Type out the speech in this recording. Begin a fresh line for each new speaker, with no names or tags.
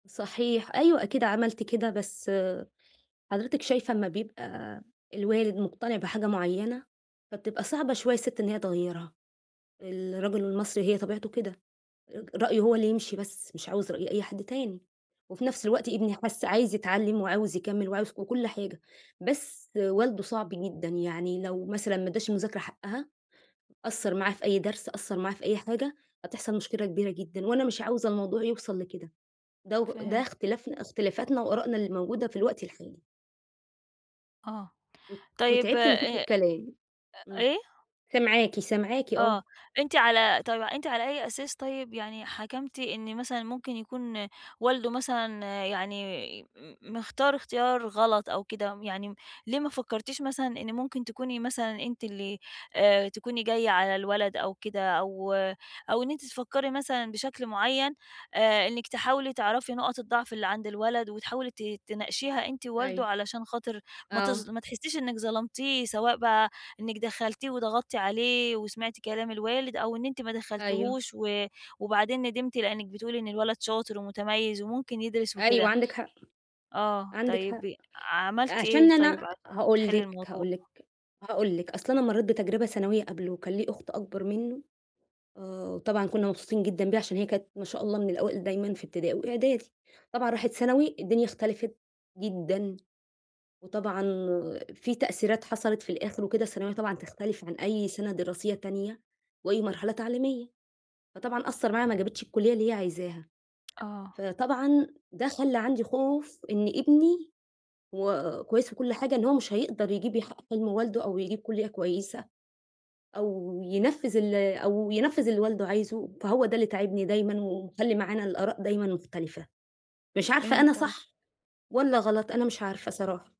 صحيح، أيوه، أكيد عملت كده. بس حضرتِك شايفة، أما بيبقى الوالد مقتنع بحاجة معيَّنة، فبتبقى صعبة شوية الست إن هي تغيِّرها. الرجل المصري هي طبيعته كده، ر رأيه هو اللي يمشي بس، مش عاوز رأي أي حد تاني. وفي نفْس الوقت، ابني حِس عايز يتعلَّم وعاوز يكمِّل وعاوز و وكل حاجة، بس والده صعب جدًا. يعني لو مثلًا ما اداش المذاكرة حقها، قصَّر معاه في أي درس، قصَّر معاه في أي حاجة، هتحصل مشكلة كبيرة جدًا، وأنا مش عاوزة الموضوع يوصل لكده. دو ده
فهمت.
اختلافنا اختلافاتنا وآرائنا اللي موجودة في الوقت الحالي.
آه.
وت
طيب، آآ،
وتعبت من كتر
آآ،
الكلام، امم.
إيه؟
سامعاكِ، سامعاكِ آه.
آه، أنتِ على طيب، أنتِ على أي أساس طيب، يعني حكمتِ إن مثلًا ممكن يكون والده مثلًا يعني م مختار اختيار غلط أو كده؟ يعني ليه ما فكرتيش مثلًا إن ممكن تكوني مثلًا أنتِ اللي آآ، تكوني جاية على الولد أو كده، أو أو إن أنتِ تفكري مثلًا بشكل معيّن، آآ، إنِك تحاولي تعرفي نقط الضعف اللي عند الولد وتحاولي ت تناقشيها أنتِ ووالده،
أيوه.
علشان خاطر ما تظ
آه.
ما تحسيش إنك ظلمتيه، سواء بقى إنِك دخَّلتيه وضغطِّتِ عليه وسمعتِ كلام الوالد، أو إن أنتِ ما
أيوه.
دخَّلتيهوش و وبعدين ندِمتِ، لأنِك بتقولي إن الولد شاطر ومتميِّز وممكن يدرس
أيوه،
وكده؟
عندِك حق،
آه،
عندِك
طيب
حق.
ي عملتِ إيه
عشان
طيب
أنا
عشان
هاقول
تحلّي
لِك
الموضوع؟
هاقول لِك هاقول لِك، أصل أنا مرَّيت بتجربة ثانوية قبله، وكان ليه أُخت أكبر منه، آآ، وطبعًا كنا مبسوطين جدًا بيها، عشان هي كانت ما شاء الله من الأوائل دايمًا في ابتدائي وإعدادي. طبعًا راحت ثانوي، الدنيا اختلفت جدًا، وطبعًا في تأثيرات حصلت، في الآخر وكده، الثانوية طبعًا بتختلف عن أي سنة دراسية تانية وأي مرحلة تعليمية. فطبعًا أثَّر معاها، ما جابتش الكُلية اللي هي عايزاها،
آه.
فطبعًا ده خلَّى عندي خوف إن ابني، هو كويس وكل حاجة، إن هو مش هيقدر يجيّب يحقِّق حِلم والده أو يجيّب كُلية كويسة، أو ينفِّذ ال أو ينفِّذ اللي والده عايزه. فهو ده اللي تاعبني دايمًا ومخلِّي معانا الآراء دايمًا مختلفة، مش عارفة،
فهمت
أنا
قصدِك.
صح والّا غلط. أنا مش عارفة صراحة.